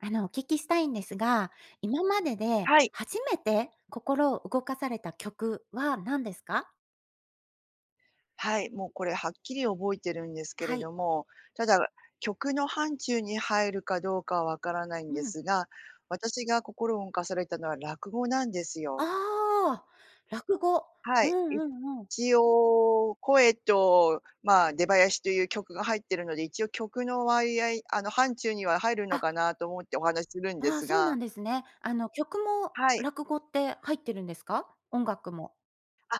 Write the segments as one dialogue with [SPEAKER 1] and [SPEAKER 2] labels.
[SPEAKER 1] あの、お聞きしたいんですが、今までで
[SPEAKER 2] はい。
[SPEAKER 1] 初めて心を動かされた曲は何ですか？
[SPEAKER 2] はい、もうこれはっきり覚えてるんですけ
[SPEAKER 1] は
[SPEAKER 2] れ
[SPEAKER 1] い。
[SPEAKER 2] ども、ただ、曲の範疇に入るかどうかは分からないん
[SPEAKER 1] う
[SPEAKER 2] で
[SPEAKER 1] ん。
[SPEAKER 2] すが、私が心を動かされたのは落語なんですよ。
[SPEAKER 1] ああ、落語。
[SPEAKER 2] は
[SPEAKER 1] うん
[SPEAKER 2] い、い
[SPEAKER 1] うんうん。
[SPEAKER 2] ちおう声と、まあ、出囃しという曲が入ってるので、一応曲の割合あの、範疇には入るの
[SPEAKER 1] あ。
[SPEAKER 2] かなと思ってお話しするんで
[SPEAKER 1] ああ、
[SPEAKER 2] す
[SPEAKER 1] そうな
[SPEAKER 2] が
[SPEAKER 1] んですね。あの、曲も
[SPEAKER 2] はい。
[SPEAKER 1] 落語って入ってるんですか？音楽も？
[SPEAKER 2] あ、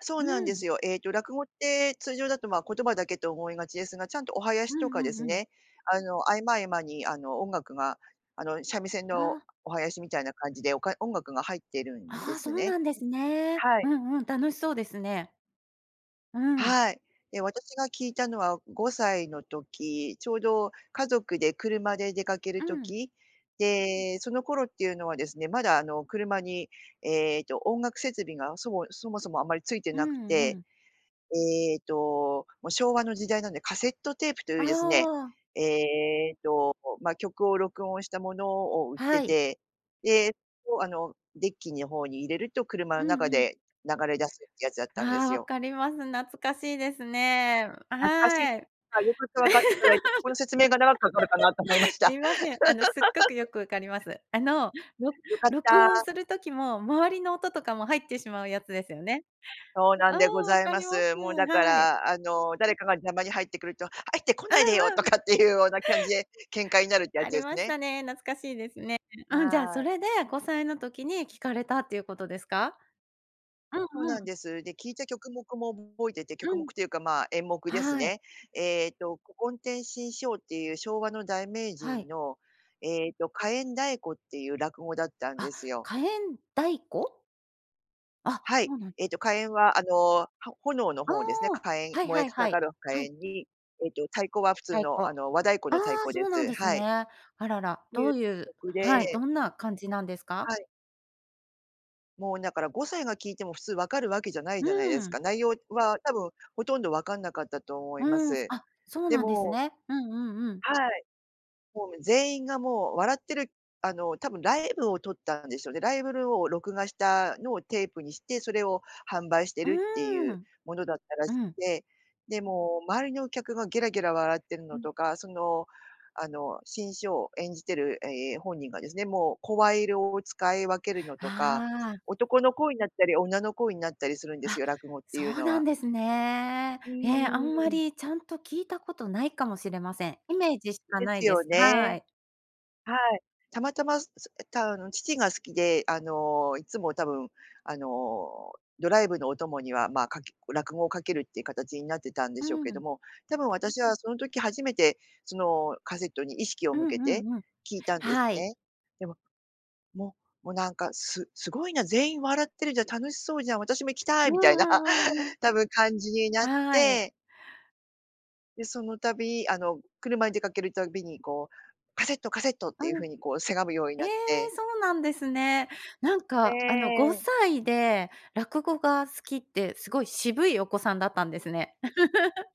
[SPEAKER 2] そう
[SPEAKER 1] う
[SPEAKER 2] なんです
[SPEAKER 1] ん。
[SPEAKER 2] よ。ええと、落語って通常だと、ま、言葉だけと思いがちですが、ちゃんとお囃
[SPEAKER 1] う
[SPEAKER 2] し
[SPEAKER 1] ん
[SPEAKER 2] とかで
[SPEAKER 1] うん
[SPEAKER 2] す
[SPEAKER 1] うん。
[SPEAKER 2] ね、あの、合間合間にあの音楽が、あの、三味線の
[SPEAKER 1] ああ。
[SPEAKER 2] お囃子みたいな感じで、おか音楽が入ってるんで
[SPEAKER 1] ああ、そ
[SPEAKER 2] す
[SPEAKER 1] う
[SPEAKER 2] ね。
[SPEAKER 1] なんですね。
[SPEAKER 2] はい。
[SPEAKER 1] うんうん、楽しそうですね。うん。
[SPEAKER 2] はい、で私が聞いたのは5歳の時、ちょうど家族で車で出かける
[SPEAKER 1] うん。
[SPEAKER 2] 時、でその頃っていうのはですね、まだ、あの、車に、えっと、音楽設備が、そごいそもそもあまりついて
[SPEAKER 1] う
[SPEAKER 2] なく
[SPEAKER 1] んう
[SPEAKER 2] て、
[SPEAKER 1] ん。
[SPEAKER 2] えと昭和の時代なんでカセットテープとい
[SPEAKER 1] あ
[SPEAKER 2] うですね、
[SPEAKER 1] あ。
[SPEAKER 2] えっと、ま、曲を録音したものを売っ
[SPEAKER 1] は
[SPEAKER 2] て
[SPEAKER 1] い。
[SPEAKER 2] て、でそあのデッキの方に入れると車
[SPEAKER 1] う
[SPEAKER 2] の中
[SPEAKER 1] んうん。
[SPEAKER 2] で流れ出すってやつだったんで
[SPEAKER 1] あ
[SPEAKER 2] す
[SPEAKER 1] あ、分
[SPEAKER 2] よ。
[SPEAKER 1] かります。懐かしいですね。
[SPEAKER 2] 懐かしいで
[SPEAKER 1] は
[SPEAKER 2] す、
[SPEAKER 1] い、
[SPEAKER 2] あ、いうことわかっていただいて、ここの説明が長くかかるかなと思いま し
[SPEAKER 1] す
[SPEAKER 2] た。
[SPEAKER 1] みません、あの、すっごくよ くわかります。あの、ろ
[SPEAKER 2] よかっ
[SPEAKER 1] 録音
[SPEAKER 2] た。
[SPEAKER 1] する時も、周りの音とかも入ってしまうやつですよね？
[SPEAKER 2] そうな
[SPEAKER 1] あ
[SPEAKER 2] んでご
[SPEAKER 1] あ、わ
[SPEAKER 2] ざい
[SPEAKER 1] か
[SPEAKER 2] ま
[SPEAKER 1] ります。
[SPEAKER 2] す。もうだか
[SPEAKER 1] はい。
[SPEAKER 2] ら、あの、誰かが邪魔に入ってくると、入ってこ
[SPEAKER 1] う
[SPEAKER 2] ないでよ
[SPEAKER 1] ん
[SPEAKER 2] と
[SPEAKER 1] うん。
[SPEAKER 2] かっていうような感じで喧嘩になるってや
[SPEAKER 1] あ
[SPEAKER 2] つ
[SPEAKER 1] り
[SPEAKER 2] です
[SPEAKER 1] まし
[SPEAKER 2] ね。
[SPEAKER 1] たね。懐かしいですね。うん、じゃあ
[SPEAKER 2] は
[SPEAKER 1] そ
[SPEAKER 2] い。
[SPEAKER 1] れで、5歳の時に聞かれたっていうことですか？うん
[SPEAKER 2] そう
[SPEAKER 1] う
[SPEAKER 2] なん
[SPEAKER 1] ん。
[SPEAKER 2] です。で、聞いた曲目も覚えてて、曲
[SPEAKER 1] う
[SPEAKER 2] 目
[SPEAKER 1] ん。
[SPEAKER 2] というかまあ演目です
[SPEAKER 1] はい。
[SPEAKER 2] ね。ええと、古今亭志ん生っていう昭和の大名
[SPEAKER 1] は
[SPEAKER 2] 人
[SPEAKER 1] い。
[SPEAKER 2] のええと、火焔太鼓っていう落語だったんで
[SPEAKER 1] あ、
[SPEAKER 2] すよ。
[SPEAKER 1] 火焔太鼓？あ、
[SPEAKER 2] はい、
[SPEAKER 1] そうなん。
[SPEAKER 2] ええと火焔はあのは炎の
[SPEAKER 1] あ
[SPEAKER 2] 方ですね、か
[SPEAKER 1] あ、
[SPEAKER 2] 火焔、
[SPEAKER 1] はい
[SPEAKER 2] 燃え
[SPEAKER 1] はい
[SPEAKER 2] た
[SPEAKER 1] はい、
[SPEAKER 2] がる火
[SPEAKER 1] は
[SPEAKER 2] 焔
[SPEAKER 1] い。
[SPEAKER 2] にえと太鼓は普通
[SPEAKER 1] 太鼓。
[SPEAKER 2] の、あの、和太鼓
[SPEAKER 1] あ
[SPEAKER 2] の太
[SPEAKER 1] あ
[SPEAKER 2] 鼓で
[SPEAKER 1] そうなん
[SPEAKER 2] す、
[SPEAKER 1] です
[SPEAKER 2] はい。
[SPEAKER 1] ね。あらら、
[SPEAKER 2] てい
[SPEAKER 1] ど
[SPEAKER 2] う
[SPEAKER 1] ういう
[SPEAKER 2] 曲で
[SPEAKER 1] はい、どんな感じなんです
[SPEAKER 2] は
[SPEAKER 1] か？
[SPEAKER 2] い。もう、だから5歳が聞いても普通分かるわけじゃない
[SPEAKER 1] うー
[SPEAKER 2] じゃないです
[SPEAKER 1] ん。
[SPEAKER 2] か。内容は多分ほとんど分かんなかったと思いま
[SPEAKER 1] うん、
[SPEAKER 2] す。
[SPEAKER 1] あ、そう
[SPEAKER 2] で
[SPEAKER 1] なんです
[SPEAKER 2] も
[SPEAKER 1] ね。うんうんうん。
[SPEAKER 2] はい。もう全員がもう笑ってるあの、多分ライブを撮ったんですよね。ライブルを録画したのをテープにして、それを販売して
[SPEAKER 1] う
[SPEAKER 2] るってい
[SPEAKER 1] ー
[SPEAKER 2] う
[SPEAKER 1] ん。
[SPEAKER 2] ものだったら
[SPEAKER 1] う
[SPEAKER 2] しく
[SPEAKER 1] ん。
[SPEAKER 2] て、でも周りのお客がゲラゲラ笑ってる
[SPEAKER 1] う
[SPEAKER 2] の
[SPEAKER 1] ん。
[SPEAKER 2] とか、その、あの、志ん生を演じてるえ、本人がですね、もう声色を使い分けるのとか。
[SPEAKER 1] ああ。
[SPEAKER 2] 男の声になったり、女の声になったりするんです
[SPEAKER 1] あ、
[SPEAKER 2] よ、落語って
[SPEAKER 1] そ
[SPEAKER 2] いう
[SPEAKER 1] う
[SPEAKER 2] の
[SPEAKER 1] な
[SPEAKER 2] は。
[SPEAKER 1] んですね。
[SPEAKER 2] う
[SPEAKER 1] え、あ
[SPEAKER 2] ー
[SPEAKER 1] んま
[SPEAKER 2] ん。
[SPEAKER 1] りちゃんと聞いたことないかもしれません。イメージしか
[SPEAKER 2] で
[SPEAKER 1] な
[SPEAKER 2] す
[SPEAKER 1] いで
[SPEAKER 2] よ
[SPEAKER 1] す、は
[SPEAKER 2] ね。
[SPEAKER 1] い。
[SPEAKER 2] はい、たまたま、そ、え、たあの、父が好きで、あの、いつも、多分、あの、ドライブのお供には、ま、かけ落語をかけるっていう形になってたんで
[SPEAKER 1] う
[SPEAKER 2] しょうけど
[SPEAKER 1] ん。
[SPEAKER 2] も、多分、私はその時初めて、そのカセットに意識を
[SPEAKER 1] うん
[SPEAKER 2] 向け
[SPEAKER 1] う
[SPEAKER 2] て
[SPEAKER 1] んうん。
[SPEAKER 2] 聞いたんです
[SPEAKER 1] はい。
[SPEAKER 2] ね。でも、ももう、なんか、すすごいな、全員笑ってるじゃん、楽しそうじゃん、私も行きた
[SPEAKER 1] う
[SPEAKER 2] い、
[SPEAKER 1] ん
[SPEAKER 2] みたいな、
[SPEAKER 1] うんうんうん。
[SPEAKER 2] 多分、感じになっ
[SPEAKER 1] はい。
[SPEAKER 2] て。で、その度、あの、車で出かけるたびにこう、カセット、カセットっ
[SPEAKER 1] う
[SPEAKER 2] ていう
[SPEAKER 1] ん。
[SPEAKER 2] 風にこうせがむように
[SPEAKER 1] え
[SPEAKER 2] な
[SPEAKER 1] え、
[SPEAKER 2] って
[SPEAKER 1] そうなんですね。なんか、あの、ご
[SPEAKER 2] ええ。
[SPEAKER 1] さいで落語が好きって、すごい渋いお子さんだったんですね。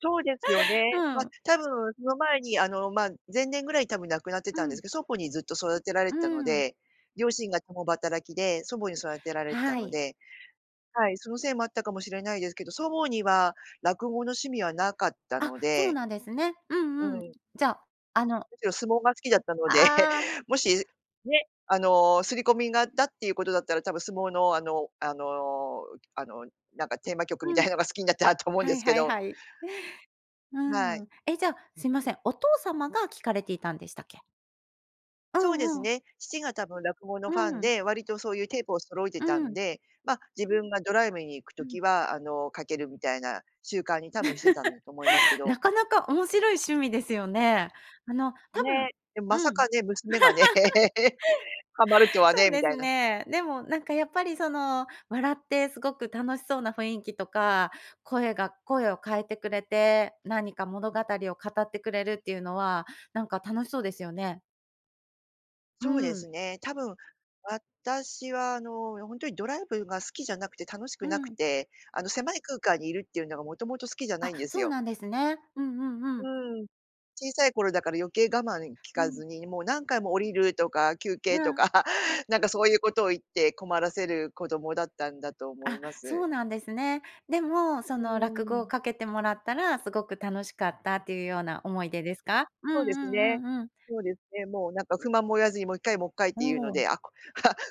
[SPEAKER 2] そうですよ ね。
[SPEAKER 1] う
[SPEAKER 2] ま、
[SPEAKER 1] ん。
[SPEAKER 2] たぶんその前に、あの、ま、前年ぐらいにたぶん亡くなって
[SPEAKER 1] う
[SPEAKER 2] たんです
[SPEAKER 1] ん。
[SPEAKER 2] けど、祖母にずっと育てられ
[SPEAKER 1] う
[SPEAKER 2] てたの
[SPEAKER 1] ん。
[SPEAKER 2] で、両親が共働きで祖母に育てられてた
[SPEAKER 1] は
[SPEAKER 2] の
[SPEAKER 1] い。
[SPEAKER 2] ではい、そのせいもあったかもしれないですけど、祖母には落語の趣味はなかった
[SPEAKER 1] あ、
[SPEAKER 2] の
[SPEAKER 1] そう
[SPEAKER 2] で
[SPEAKER 1] なんですね。う
[SPEAKER 2] う
[SPEAKER 1] んうん。
[SPEAKER 2] ん。
[SPEAKER 1] じゃあ、あの
[SPEAKER 2] むしろ相撲が好きだったので、
[SPEAKER 1] ああ。
[SPEAKER 2] もしね、あの、刷り込みがあったっていうことだったら、たぶん相撲のあのあのあの、なんかテーマ曲み
[SPEAKER 1] う
[SPEAKER 2] たい
[SPEAKER 1] ん。
[SPEAKER 2] なのが好きになったと思うん
[SPEAKER 1] は
[SPEAKER 2] で
[SPEAKER 1] い
[SPEAKER 2] すけ
[SPEAKER 1] はい
[SPEAKER 2] ど。
[SPEAKER 1] はい。う
[SPEAKER 2] はい。
[SPEAKER 1] ん、え、じゃあ、すいません、お父様が聞かれていたんでしたっけ？う
[SPEAKER 2] そうです
[SPEAKER 1] んうん。
[SPEAKER 2] ね、父がたぶん落語の
[SPEAKER 1] う
[SPEAKER 2] ファン
[SPEAKER 1] ん。
[SPEAKER 2] で、割とそういうテープを揃えて
[SPEAKER 1] う
[SPEAKER 2] たん
[SPEAKER 1] ん。
[SPEAKER 2] で、ま、自分がドライブに行く
[SPEAKER 1] うん。
[SPEAKER 2] 時は、あの、かけるみたいな習慣にたぶんしてたんだと思いますけ ど
[SPEAKER 1] なかなか面白い趣味ですよね。あの、たぶん
[SPEAKER 2] ね、でも、
[SPEAKER 1] う
[SPEAKER 2] まさか
[SPEAKER 1] ん。
[SPEAKER 2] ね、娘がね ハマると は
[SPEAKER 1] そう
[SPEAKER 2] ね、み
[SPEAKER 1] で
[SPEAKER 2] た
[SPEAKER 1] す
[SPEAKER 2] いな。
[SPEAKER 1] ね。でもなんかやっぱりその、笑ってすごく楽しそうな雰囲気とか、声が声を変えてくれて、何か物語を語ってくれるっていうのは、なんか楽しそうですよね。う
[SPEAKER 2] そうで
[SPEAKER 1] ん。
[SPEAKER 2] すね。多分、私は、あの、ほんとにドライブが好きじゃなくて楽し
[SPEAKER 1] う
[SPEAKER 2] くなく
[SPEAKER 1] ん。
[SPEAKER 2] て、あの、狭い空間にいるっていうのがもともと好きじゃな
[SPEAKER 1] あ、
[SPEAKER 2] いんです
[SPEAKER 1] そう
[SPEAKER 2] よ。
[SPEAKER 1] なんですね。うんうん
[SPEAKER 2] う
[SPEAKER 1] うん。
[SPEAKER 2] ーん、小さい頃だから余計我慢き
[SPEAKER 1] う
[SPEAKER 2] か
[SPEAKER 1] ん。
[SPEAKER 2] ずに、もう何回も降りるとか休憩
[SPEAKER 1] ま
[SPEAKER 2] と
[SPEAKER 1] あ。
[SPEAKER 2] か なんかそういうことを言って困らせる子供だったんだと思い
[SPEAKER 1] あ、
[SPEAKER 2] ま
[SPEAKER 1] そ
[SPEAKER 2] す。
[SPEAKER 1] うなんですね。でも、そ
[SPEAKER 2] う
[SPEAKER 1] の落
[SPEAKER 2] ー
[SPEAKER 1] 語を
[SPEAKER 2] ん。
[SPEAKER 1] かけてもらったらすごく楽しかったっていうような思い出ですか？うんう
[SPEAKER 2] そうです
[SPEAKER 1] ん
[SPEAKER 2] ね。
[SPEAKER 1] うんうん。
[SPEAKER 2] そうですね、もうなんか不満も言わずにもう1回もっかいっ
[SPEAKER 1] お
[SPEAKER 2] ていうの
[SPEAKER 1] お。
[SPEAKER 2] で、あ あ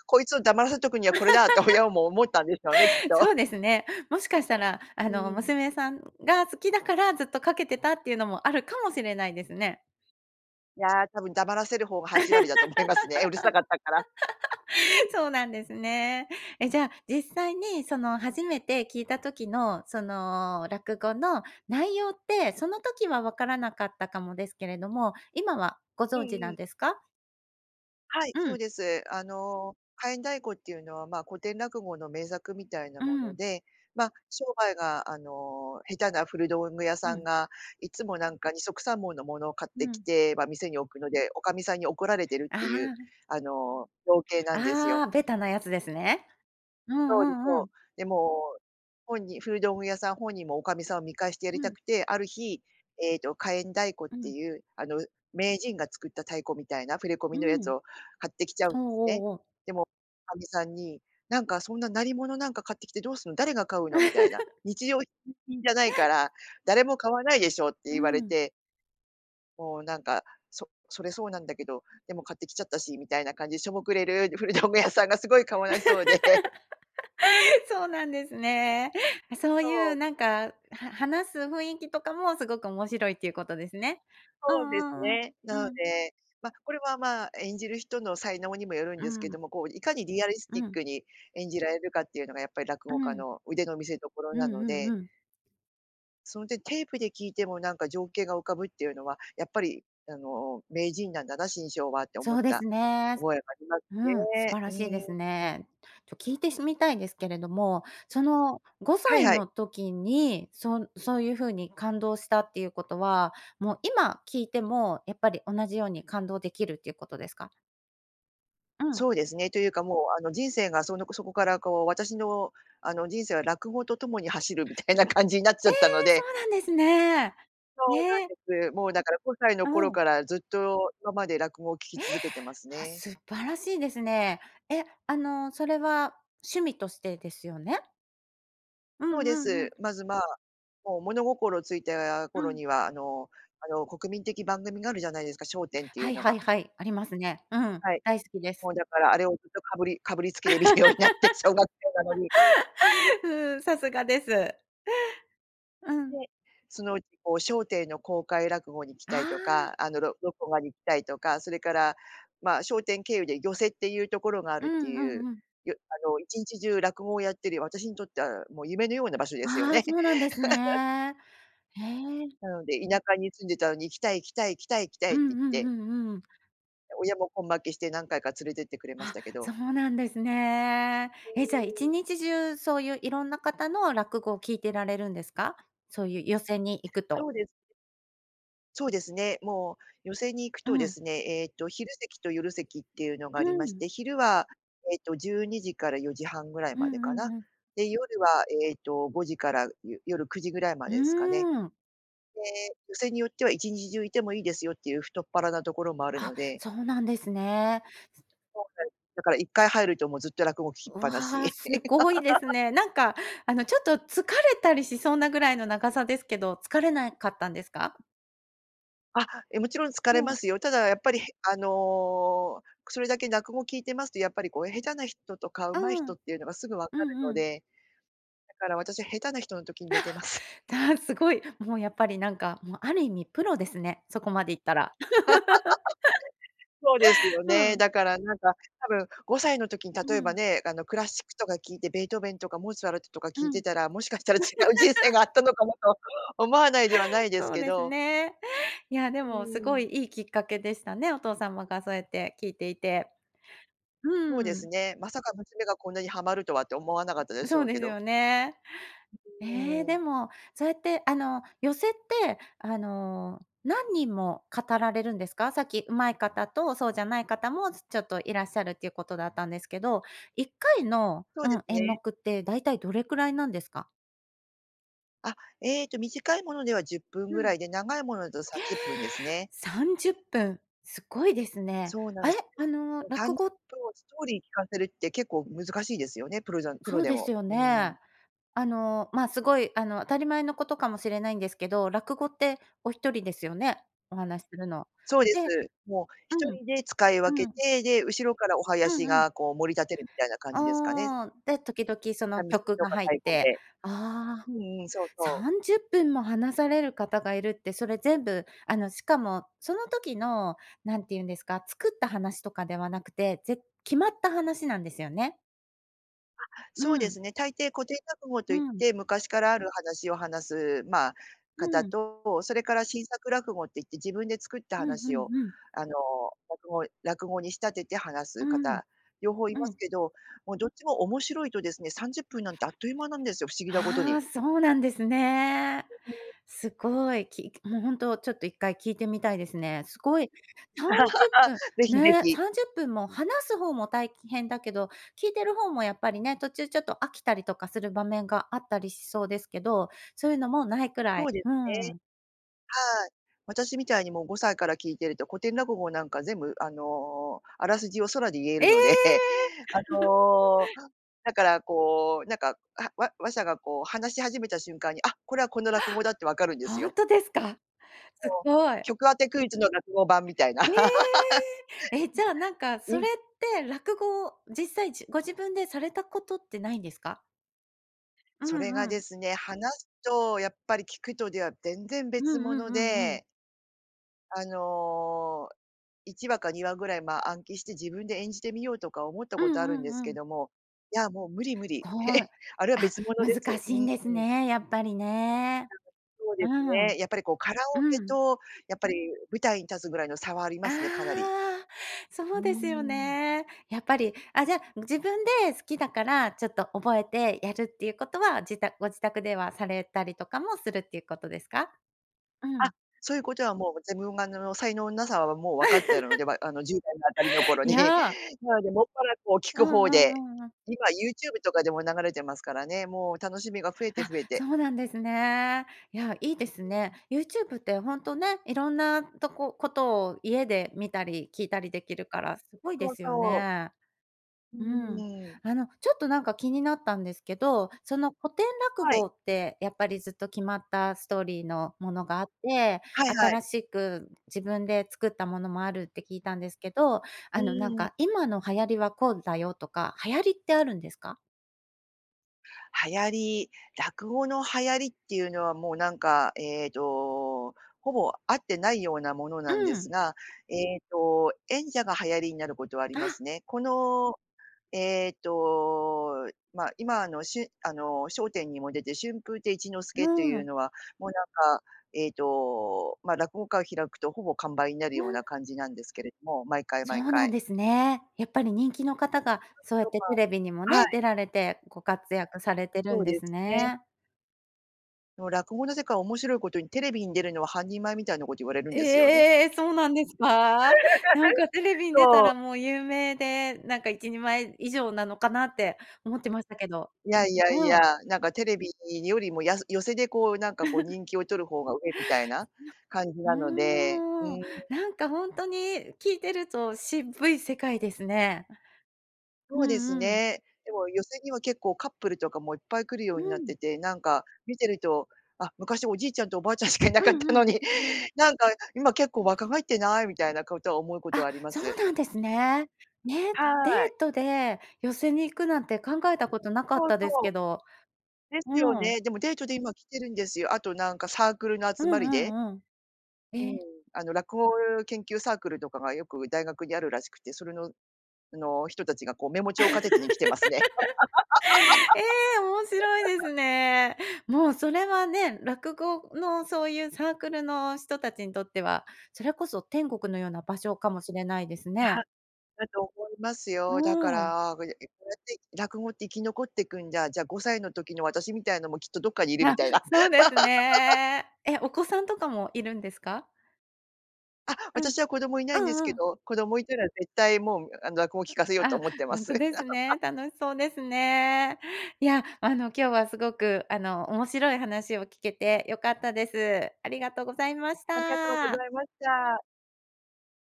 [SPEAKER 2] こいつを黙らせとくにはこれだって親も思ったんでしょうねきっ
[SPEAKER 1] そう
[SPEAKER 2] と。
[SPEAKER 1] ですね。もしかしたら、
[SPEAKER 2] う
[SPEAKER 1] あの、
[SPEAKER 2] ーん。
[SPEAKER 1] 娘さんが好きだからずっとかけてたっていうのもあるかもしれないですね。
[SPEAKER 2] いや、多分黙らせる方が8割だと思いますね、うるさかったから。
[SPEAKER 1] そうなんですね。え、じゃあ、実際にその初めて聞いた時のその、落語の内容って、その時はわからなかったかもですけれども、今はご
[SPEAKER 2] うん
[SPEAKER 1] 存知
[SPEAKER 2] う
[SPEAKER 1] な
[SPEAKER 2] ん。
[SPEAKER 1] んですか？
[SPEAKER 2] はい、
[SPEAKER 1] う
[SPEAKER 2] そう
[SPEAKER 1] ん。
[SPEAKER 2] です。あの火焔太鼓っていうのは、ま、古典落語の名作みたいな
[SPEAKER 1] う
[SPEAKER 2] もの
[SPEAKER 1] ん。
[SPEAKER 2] で、ま、商売が、あの、下手な古道具屋
[SPEAKER 1] う
[SPEAKER 2] さん
[SPEAKER 1] ん。
[SPEAKER 2] がいつもなんか二束三文のものを買っ
[SPEAKER 1] う
[SPEAKER 2] てき
[SPEAKER 1] ん。
[SPEAKER 2] て、ま、店に置くので、おかみさんに怒られてるっ
[SPEAKER 1] あ
[SPEAKER 2] ていう、
[SPEAKER 1] あ。
[SPEAKER 2] あの、情景なんですよ。
[SPEAKER 1] ああ、ベタなやつですね。うん
[SPEAKER 2] そうで、
[SPEAKER 1] うんう
[SPEAKER 2] そう。
[SPEAKER 1] ん。
[SPEAKER 2] でも本人古道具屋さん本人もおかみさんを見返してやり
[SPEAKER 1] う
[SPEAKER 2] た
[SPEAKER 1] ん。
[SPEAKER 2] くて、ある日、ええと、火焔太鼓っ
[SPEAKER 1] う
[SPEAKER 2] て
[SPEAKER 1] ん。
[SPEAKER 2] いう、あの、名人が作った太鼓みたいな触れ込
[SPEAKER 1] う
[SPEAKER 2] みのやつ
[SPEAKER 1] ん。
[SPEAKER 2] を買ってきちゃうん
[SPEAKER 1] ほ、
[SPEAKER 2] ですね。
[SPEAKER 1] おお。
[SPEAKER 2] でも、おかみさんに、「なんかそんな鳴り物なんか買ってきてどうすん、誰が買うの」みたいな、「日常 じゃないか ら、誰も買わないでしょ」って
[SPEAKER 1] うー
[SPEAKER 2] 言われ
[SPEAKER 1] ん。
[SPEAKER 2] てもうなんか、「そそれそうなんだけど、でも買ってきちゃったし」みたいな感じでしょぼくれる古道具屋さんがすごいかわいそうで。
[SPEAKER 1] そうなんですね。そう
[SPEAKER 2] そ
[SPEAKER 1] いう
[SPEAKER 2] う。
[SPEAKER 1] なんか、は話す雰囲気とかもすごく面白いっていうことですね。う
[SPEAKER 2] そうです
[SPEAKER 1] んうん
[SPEAKER 2] ね。
[SPEAKER 1] う
[SPEAKER 2] な
[SPEAKER 1] ん、
[SPEAKER 2] の
[SPEAKER 1] うん。
[SPEAKER 2] で、ま、これは、ま、演じる人の才能にもよるん
[SPEAKER 1] う
[SPEAKER 2] です
[SPEAKER 1] ー
[SPEAKER 2] け
[SPEAKER 1] ん。
[SPEAKER 2] ども、こう、いかにリアリス
[SPEAKER 1] う
[SPEAKER 2] ティッ
[SPEAKER 1] ん。
[SPEAKER 2] クに演じられるかっていうのがやっぱり落
[SPEAKER 1] う
[SPEAKER 2] 語家
[SPEAKER 1] ん。
[SPEAKER 2] の腕の見せ所
[SPEAKER 1] う
[SPEAKER 2] な
[SPEAKER 1] ん
[SPEAKER 2] の
[SPEAKER 1] うん
[SPEAKER 2] で
[SPEAKER 1] うん。
[SPEAKER 2] そう、で、テープで聞いてもなんか、情景が浮かぶっていうのは、やっぱりあの名人なんだな、志ん生はって思っ
[SPEAKER 1] そうで
[SPEAKER 2] た
[SPEAKER 1] すね。す
[SPEAKER 2] 覚えがあります
[SPEAKER 1] うん、素
[SPEAKER 2] ね。
[SPEAKER 1] 晴らしいです
[SPEAKER 2] うん。
[SPEAKER 1] ね。ちょ聞いてしみたいですけれども、そのご
[SPEAKER 2] は
[SPEAKER 1] さ
[SPEAKER 2] い
[SPEAKER 1] い
[SPEAKER 2] はい。
[SPEAKER 1] の時に、そんそういうふうに感動したっていうことは、もう今聞いてもやっぱり同じように感動できるっていうことですか？うん。
[SPEAKER 2] そうですね、というかもう、あの、人生がそのあこそこからこう私の人生は落語とともに走るみたいな感じになっち
[SPEAKER 1] え
[SPEAKER 2] ゃ
[SPEAKER 1] え、
[SPEAKER 2] ったの
[SPEAKER 1] そ
[SPEAKER 2] で。
[SPEAKER 1] うなんですね。
[SPEAKER 2] そうな
[SPEAKER 1] ね。
[SPEAKER 2] んです。もうだから5歳の
[SPEAKER 1] あ、
[SPEAKER 2] 頃
[SPEAKER 1] うん。
[SPEAKER 2] からずっと今まで落語を聞き
[SPEAKER 1] え？
[SPEAKER 2] 続けてます
[SPEAKER 1] あ、
[SPEAKER 2] ね。
[SPEAKER 1] 素晴らしいですね。え、あの、それは趣味としてですよね？う
[SPEAKER 2] そう
[SPEAKER 1] ん
[SPEAKER 2] で
[SPEAKER 1] うんう
[SPEAKER 2] す。
[SPEAKER 1] ん。
[SPEAKER 2] まず、まあ、もう物心ついた
[SPEAKER 1] う
[SPEAKER 2] 頃
[SPEAKER 1] ん。
[SPEAKER 2] には、あのあの国民的番組があるじゃないですか、笑点ってい
[SPEAKER 1] は
[SPEAKER 2] う
[SPEAKER 1] い
[SPEAKER 2] の
[SPEAKER 1] は
[SPEAKER 2] が。
[SPEAKER 1] いはい、ありますね。うん、
[SPEAKER 2] はい、
[SPEAKER 1] 大好きで
[SPEAKER 2] も
[SPEAKER 1] す。
[SPEAKER 2] うだからあれをずっとかぶりかぶりつきで見るようになって、小学生なのに。
[SPEAKER 1] うん、さすがです。う
[SPEAKER 2] で、
[SPEAKER 1] ん。
[SPEAKER 2] そのうちこう笑点の公開落語に行き
[SPEAKER 1] あ
[SPEAKER 2] たいと
[SPEAKER 1] あ。
[SPEAKER 2] か、あの、ろろこがに行きたいとか、それから、まあ、笑点経由で寄席っていうところがあ
[SPEAKER 1] う
[SPEAKER 2] るって
[SPEAKER 1] んう
[SPEAKER 2] いう
[SPEAKER 1] んうん。
[SPEAKER 2] よあの一日中落語をやってるよ私にとってはもう夢のような場所ですよ
[SPEAKER 1] ああ、
[SPEAKER 2] ね。
[SPEAKER 1] そうなんです ね。へえ。
[SPEAKER 2] なので、田舎に住んでたのに「行きたい行きたい行きたい行きたい」
[SPEAKER 1] う
[SPEAKER 2] っ
[SPEAKER 1] ん
[SPEAKER 2] て言っ
[SPEAKER 1] うん
[SPEAKER 2] て。
[SPEAKER 1] うんうん。
[SPEAKER 2] 親も根負けして何回か連れてってくれまし
[SPEAKER 1] あ、
[SPEAKER 2] たけど。
[SPEAKER 1] そうなんですね。
[SPEAKER 2] う
[SPEAKER 1] え、じゃあー
[SPEAKER 2] ーん。
[SPEAKER 1] 日中そういういろんな方の落語を聞いてられるんですか？そういう寄席に行く
[SPEAKER 2] そ
[SPEAKER 1] と。
[SPEAKER 2] うですね。そう
[SPEAKER 1] うん。
[SPEAKER 2] ですね、もう寄席に行く
[SPEAKER 1] う
[SPEAKER 2] とで
[SPEAKER 1] ん。
[SPEAKER 2] すね、えっと昼席と夜席っていうのが
[SPEAKER 1] う
[SPEAKER 2] ありまし
[SPEAKER 1] ん。
[SPEAKER 2] て、昼はえっと12:00-4:30ぐらい
[SPEAKER 1] う
[SPEAKER 2] までか
[SPEAKER 1] んうん
[SPEAKER 2] な。
[SPEAKER 1] うん。
[SPEAKER 2] で、夜はえっと5時からよ夜9時ぐらいま
[SPEAKER 1] うー
[SPEAKER 2] でですかね。
[SPEAKER 1] ん。
[SPEAKER 2] で、寄席によっては一日中いてもいいですよっていう太っ腹なところもある
[SPEAKER 1] あ、
[SPEAKER 2] ので。
[SPEAKER 1] そうなんですね。すと
[SPEAKER 2] そうなんだから1回入るともうずっと落語聞ききっ
[SPEAKER 1] う
[SPEAKER 2] ぱな
[SPEAKER 1] わ、
[SPEAKER 2] し。
[SPEAKER 1] すごいです ね。なんかあのちょっと疲れたりしそうなぐらいの長さですけど、疲れなかったんですか？
[SPEAKER 2] あ、え、もちろん疲れ
[SPEAKER 1] も
[SPEAKER 2] ま
[SPEAKER 1] う。
[SPEAKER 2] すよ。ただやっぱりへあの、くそれだけ落語聞いてますと、やっぱりこう下手な人とかう
[SPEAKER 1] う
[SPEAKER 2] まい人
[SPEAKER 1] ん。
[SPEAKER 2] っていうのがすぐ分
[SPEAKER 1] う
[SPEAKER 2] かる
[SPEAKER 1] ん
[SPEAKER 2] の
[SPEAKER 1] うん。
[SPEAKER 2] で。だから私下手な人の時に寝てます。
[SPEAKER 1] だ、あ、すごい、もうやっぱりなんかもうある意味プロですね、そこまでいったら。
[SPEAKER 2] そうですよ
[SPEAKER 1] ふ
[SPEAKER 2] ね、
[SPEAKER 1] ん。
[SPEAKER 2] だからなんか多分5歳の時に例
[SPEAKER 1] う
[SPEAKER 2] えば
[SPEAKER 1] ん。
[SPEAKER 2] ね、あのクラシックとか聞いて、ベートーベンとかモーツァルトとか
[SPEAKER 1] う
[SPEAKER 2] 聞いて
[SPEAKER 1] ん。
[SPEAKER 2] たら、もしかしたら違う人生があっ たのかなと思わないではないです
[SPEAKER 1] そう
[SPEAKER 2] け
[SPEAKER 1] です
[SPEAKER 2] ど。
[SPEAKER 1] ね。いやで
[SPEAKER 2] うー
[SPEAKER 1] もすごい
[SPEAKER 2] ん。
[SPEAKER 1] いいきっかけでしたね、お父様がそうやって聞いていて。
[SPEAKER 2] そう
[SPEAKER 1] う
[SPEAKER 2] で
[SPEAKER 1] ー
[SPEAKER 2] す
[SPEAKER 1] ん。
[SPEAKER 2] ね、まさか娘がこんなにハマるとはって思わなかったでし
[SPEAKER 1] そう
[SPEAKER 2] ょう
[SPEAKER 1] で
[SPEAKER 2] け
[SPEAKER 1] す
[SPEAKER 2] ど。
[SPEAKER 1] よね。
[SPEAKER 2] う
[SPEAKER 1] え
[SPEAKER 2] う
[SPEAKER 1] え、
[SPEAKER 2] ー
[SPEAKER 1] で
[SPEAKER 2] ん。
[SPEAKER 1] も、そうやってあの寄席ってあの、何人も語られるんですか？さっき上手い方とそうじゃない方もつちょっといらっしゃるっていうことだったんですけど、1回の
[SPEAKER 2] そう
[SPEAKER 1] う
[SPEAKER 2] で
[SPEAKER 1] ん、
[SPEAKER 2] す
[SPEAKER 1] 演
[SPEAKER 2] ね。
[SPEAKER 1] 目ってだいたいどれくらいなんですか？
[SPEAKER 2] あ、ええと、短いものでは10分
[SPEAKER 1] う
[SPEAKER 2] ぐ
[SPEAKER 1] ん。
[SPEAKER 2] らいで、長いものだと30分です
[SPEAKER 1] え！
[SPEAKER 2] ね。
[SPEAKER 1] 30分、すごいですね。
[SPEAKER 2] そうなん
[SPEAKER 1] あ
[SPEAKER 2] で
[SPEAKER 1] れ？
[SPEAKER 2] す。
[SPEAKER 1] あの、
[SPEAKER 2] た
[SPEAKER 1] 落
[SPEAKER 2] んと
[SPEAKER 1] 語
[SPEAKER 2] ストーリー聞かせるって結構難しいですよね、プロざんプ
[SPEAKER 1] そ
[SPEAKER 2] ロ
[SPEAKER 1] う
[SPEAKER 2] で
[SPEAKER 1] です
[SPEAKER 2] も。
[SPEAKER 1] よ
[SPEAKER 2] うん。
[SPEAKER 1] ね。あの、ま、すごいあの、当たり前のことかもしれないんですけど、落語ってお一人ですよね？お話するの。
[SPEAKER 2] そうです。
[SPEAKER 1] で
[SPEAKER 2] もう、一
[SPEAKER 1] うん、
[SPEAKER 2] 人で使い分
[SPEAKER 1] う
[SPEAKER 2] け
[SPEAKER 1] ん。
[SPEAKER 2] て、で、後ろからお囃
[SPEAKER 1] うん
[SPEAKER 2] 子
[SPEAKER 1] うん。
[SPEAKER 2] がこう盛り立てるみたいな感じですかね。
[SPEAKER 1] ああ、で、時々その、
[SPEAKER 2] 三味線
[SPEAKER 1] 曲
[SPEAKER 2] と
[SPEAKER 1] が
[SPEAKER 2] か
[SPEAKER 1] 入っ
[SPEAKER 2] 太鼓
[SPEAKER 1] て
[SPEAKER 2] で。
[SPEAKER 1] ああ、
[SPEAKER 2] うんうん、そうそう。
[SPEAKER 1] 30分も話される方がいるって、それ全部、あの、しかもその時の、何て言うんですか、作った話とかではなくて、ぜ決まった話なんですよね？
[SPEAKER 2] あ、そう
[SPEAKER 1] う
[SPEAKER 2] で
[SPEAKER 1] ん。
[SPEAKER 2] すね。大抵、古典落語と
[SPEAKER 1] う
[SPEAKER 2] いっ
[SPEAKER 1] ん。
[SPEAKER 2] て昔からある話を話す、ま、
[SPEAKER 1] う
[SPEAKER 2] 方
[SPEAKER 1] ん。
[SPEAKER 2] と、それから新作落語って言って自分で作った
[SPEAKER 1] うんう
[SPEAKER 2] 話
[SPEAKER 1] ん
[SPEAKER 2] を、
[SPEAKER 1] うん。
[SPEAKER 2] あの、落語落語に仕立てて話
[SPEAKER 1] う
[SPEAKER 2] す
[SPEAKER 1] ん。
[SPEAKER 2] 方、両方い
[SPEAKER 1] う
[SPEAKER 2] ます
[SPEAKER 1] ん。
[SPEAKER 2] けど、もうどっちも面白いとですね、30分なんてあっという間なんですよ、不思議なことに。
[SPEAKER 1] ああ、そうなんですね。すごい、きもうほんとちょっと一回聞いてみたいですね。すごい、30分、
[SPEAKER 2] ぜひぜ
[SPEAKER 1] ねえ、
[SPEAKER 2] ひ。
[SPEAKER 1] 30分も話すほうも大変だけど、聞いてるほうもやっぱりね、途中ちょっと飽きたりとかする場面があったりしそうですけど、そういうのもないくら
[SPEAKER 2] そう
[SPEAKER 1] い
[SPEAKER 2] です
[SPEAKER 1] う
[SPEAKER 2] ね。
[SPEAKER 1] ん。
[SPEAKER 2] はい、私みたいにもう5歳から聞いてると、古典落語なんか全部、あの、あらすじを空で言え
[SPEAKER 1] え
[SPEAKER 2] る
[SPEAKER 1] え！
[SPEAKER 2] ので、あ の、だからこう、なんか、あわ話者がこう話し始めた瞬間に、あ、これはこの落語だってわ かるんです
[SPEAKER 1] ほん
[SPEAKER 2] よ。
[SPEAKER 1] とですか？す
[SPEAKER 2] そう。
[SPEAKER 1] ごい。
[SPEAKER 2] 曲当てクイズの落語版みたいな。
[SPEAKER 1] ええ！え、じゃあなん か、
[SPEAKER 2] う
[SPEAKER 1] そ
[SPEAKER 2] ん。
[SPEAKER 1] れって落語、実際じご自分でされたことってないんですか？う
[SPEAKER 2] それが
[SPEAKER 1] んう
[SPEAKER 2] で
[SPEAKER 1] ん。
[SPEAKER 2] すね、話すとやっぱり聞くとでは、全然
[SPEAKER 1] うん
[SPEAKER 2] 別
[SPEAKER 1] う
[SPEAKER 2] 物
[SPEAKER 1] んうんうん。
[SPEAKER 2] であの、1話か2話ぐらい、まあ、暗記して自分で演じてみようとか思った
[SPEAKER 1] う
[SPEAKER 2] ことあるん
[SPEAKER 1] んう
[SPEAKER 2] です
[SPEAKER 1] んう
[SPEAKER 2] け
[SPEAKER 1] ん。
[SPEAKER 2] ども、いや、もう無理無理、
[SPEAKER 1] ごい、
[SPEAKER 2] あれは
[SPEAKER 1] あ、
[SPEAKER 2] 別物で
[SPEAKER 1] 難
[SPEAKER 2] す。
[SPEAKER 1] しいんです
[SPEAKER 2] うん。
[SPEAKER 1] ね、やっぱりね。
[SPEAKER 2] なんか、そうで
[SPEAKER 1] う
[SPEAKER 2] す
[SPEAKER 1] ん。
[SPEAKER 2] ね、やっぱりこう、カラ
[SPEAKER 1] う
[SPEAKER 2] オケ
[SPEAKER 1] ん。
[SPEAKER 2] とやっぱり、舞台に立つぐらいの差はありますね、かなり。
[SPEAKER 1] あ、そ
[SPEAKER 2] うー
[SPEAKER 1] うですよ
[SPEAKER 2] ん。
[SPEAKER 1] ね。やっぱり、あ、じゃあ、自分で好きだから、ちょっと覚えてやるっていうことは、じたご自宅ではされたりとかもするっていうことですか？う
[SPEAKER 2] あ、
[SPEAKER 1] ん。
[SPEAKER 2] そういうことはもう、自分が、あの、才能のなさはもう分かってるので、あの、10代のあたりの頃
[SPEAKER 1] い
[SPEAKER 2] に。
[SPEAKER 1] や。
[SPEAKER 2] なので、もっぱらこう、聞
[SPEAKER 1] う
[SPEAKER 2] く
[SPEAKER 1] ん
[SPEAKER 2] 方
[SPEAKER 1] う
[SPEAKER 2] で、
[SPEAKER 1] んうんうん。
[SPEAKER 2] 今 YouTube とかでも流れてますからね、もう、楽しみが増えて
[SPEAKER 1] あ、
[SPEAKER 2] 増えて。
[SPEAKER 1] そうなんですね。いや、いいです
[SPEAKER 2] うー
[SPEAKER 1] ね。
[SPEAKER 2] ん。
[SPEAKER 1] YouTube ってほんとね、いろんなとこことを家で見たり聞いたりできるから、すごいで
[SPEAKER 2] そう
[SPEAKER 1] すよ
[SPEAKER 2] そう。
[SPEAKER 1] ね。
[SPEAKER 2] う
[SPEAKER 1] うん。
[SPEAKER 2] ーん。
[SPEAKER 1] あの、ちょっとなんか、気になったんですけど、その、古典落
[SPEAKER 2] はい。
[SPEAKER 1] 語ってやっぱり、ずっと決まったストーリーのものがあって、
[SPEAKER 2] はいはい。
[SPEAKER 1] 新しく自分で作ったものもあるって聞いたんですけど、
[SPEAKER 2] う
[SPEAKER 1] あの、なん
[SPEAKER 2] ーん。
[SPEAKER 1] か今の流行りはこうだよとか、流行りってあるんですか？
[SPEAKER 2] 流行り落語の流行りっていうのはもうなんかええと、ほぼ、あってないようなもの
[SPEAKER 1] う
[SPEAKER 2] なんです
[SPEAKER 1] ん。
[SPEAKER 2] が、えと演者が流行りになることはありま
[SPEAKER 1] あ。
[SPEAKER 2] すね。この、えと、ま、今あの、しゅんあの、笑点にも出て、春風亭一之輔と
[SPEAKER 1] う
[SPEAKER 2] いう
[SPEAKER 1] ん。
[SPEAKER 2] のは、もうなんか、えと、ま、落語会を開くとほぼ完売になる
[SPEAKER 1] いや。
[SPEAKER 2] ような感じなんですけれども、毎回
[SPEAKER 1] そ
[SPEAKER 2] 毎
[SPEAKER 1] うなん
[SPEAKER 2] 回。
[SPEAKER 1] ですね。やっぱり人気のかたがそ うやっ
[SPEAKER 2] と
[SPEAKER 1] て
[SPEAKER 2] か
[SPEAKER 1] テレビにも
[SPEAKER 2] は
[SPEAKER 1] ね、
[SPEAKER 2] い。
[SPEAKER 1] 出られてご活躍されてる
[SPEAKER 2] そ
[SPEAKER 1] ん
[SPEAKER 2] う
[SPEAKER 1] で
[SPEAKER 2] で
[SPEAKER 1] す
[SPEAKER 2] すね。
[SPEAKER 1] ね。
[SPEAKER 2] の、落語の世界は面白いことにテレビに出るのは半人前みたいなこと言われるんですよね。
[SPEAKER 1] ええ！そうなんですか？なん かテレビに出た
[SPEAKER 2] そう。
[SPEAKER 1] らもう有名で、なんか一人前以上なのかなって思ってましたけど。
[SPEAKER 2] いやいやい
[SPEAKER 1] う
[SPEAKER 2] や、
[SPEAKER 1] ん。
[SPEAKER 2] なんかテレビよりも、や寄席でこうなんかこう 人気を取る方が上みたいな
[SPEAKER 1] な
[SPEAKER 2] 感じなので。うー
[SPEAKER 1] うーん。
[SPEAKER 2] ん。
[SPEAKER 1] なんかほんとに、聞いてると渋い世界ですね。
[SPEAKER 2] そ
[SPEAKER 1] う
[SPEAKER 2] うです
[SPEAKER 1] んうん。
[SPEAKER 2] ね。でも寄席にも結構カップルとかもいっぱい来るよ
[SPEAKER 1] う
[SPEAKER 2] うになっ
[SPEAKER 1] ん。
[SPEAKER 2] てて、なんか見てると、「あ、昔おじいちゃんとおばあちゃんしかいな
[SPEAKER 1] う
[SPEAKER 2] かっ
[SPEAKER 1] ん
[SPEAKER 2] たの
[SPEAKER 1] うん。
[SPEAKER 2] に、なんか今結
[SPEAKER 1] う
[SPEAKER 2] 構
[SPEAKER 1] ん。
[SPEAKER 2] 若返ってない？」みたいなことは思うことは
[SPEAKER 1] あ、
[SPEAKER 2] ありま
[SPEAKER 1] そう
[SPEAKER 2] す。
[SPEAKER 1] なんですね。ね、
[SPEAKER 2] は
[SPEAKER 1] デー
[SPEAKER 2] い。
[SPEAKER 1] トで寄席に行くなんて考えたことなかっ
[SPEAKER 2] そう
[SPEAKER 1] たですけ
[SPEAKER 2] そう。
[SPEAKER 1] ど、
[SPEAKER 2] ですよ
[SPEAKER 1] うん。
[SPEAKER 2] ね、でもデートで今来てるんですよ。あとなんかサークルの
[SPEAKER 1] う
[SPEAKER 2] 集
[SPEAKER 1] ん
[SPEAKER 2] まりで？
[SPEAKER 1] うんうん。
[SPEAKER 2] うーん。
[SPEAKER 1] え。
[SPEAKER 2] あの、落語研究サークルとかがよく大学にあるらしくて、それの、あの、人たちがこうメモ帳片手に来てますね。
[SPEAKER 1] ええ、面白いで すね。もうそれはね、落語のそういうサークルの人たちにとっては、それこそ天国のような場所かもしれないです
[SPEAKER 2] えは
[SPEAKER 1] ね。
[SPEAKER 2] だと思いますよ。だか
[SPEAKER 1] うん。
[SPEAKER 2] ら こうやって落語って生き残っていくんじゃあじゃ5歳の時の私みたいのもきっとどっかにいる
[SPEAKER 1] あ、
[SPEAKER 2] みたいな。
[SPEAKER 1] そうです ね。え、お子さんとかもいるんですか？
[SPEAKER 2] あ、
[SPEAKER 1] うん、
[SPEAKER 2] 私は子供いな
[SPEAKER 1] う
[SPEAKER 2] いんです
[SPEAKER 1] ん
[SPEAKER 2] け
[SPEAKER 1] うん。
[SPEAKER 2] ど、子供いたら絶対もう、あの、落語聞かせようと
[SPEAKER 1] ああ、
[SPEAKER 2] 思ってま
[SPEAKER 1] ほん
[SPEAKER 2] す。
[SPEAKER 1] とですね。楽しそうですね。いや、あの、今日はすごく、あの、面白い話を聞けて良かったです。ありがとうございまし
[SPEAKER 2] ありがとうご
[SPEAKER 1] た。
[SPEAKER 2] ざいました。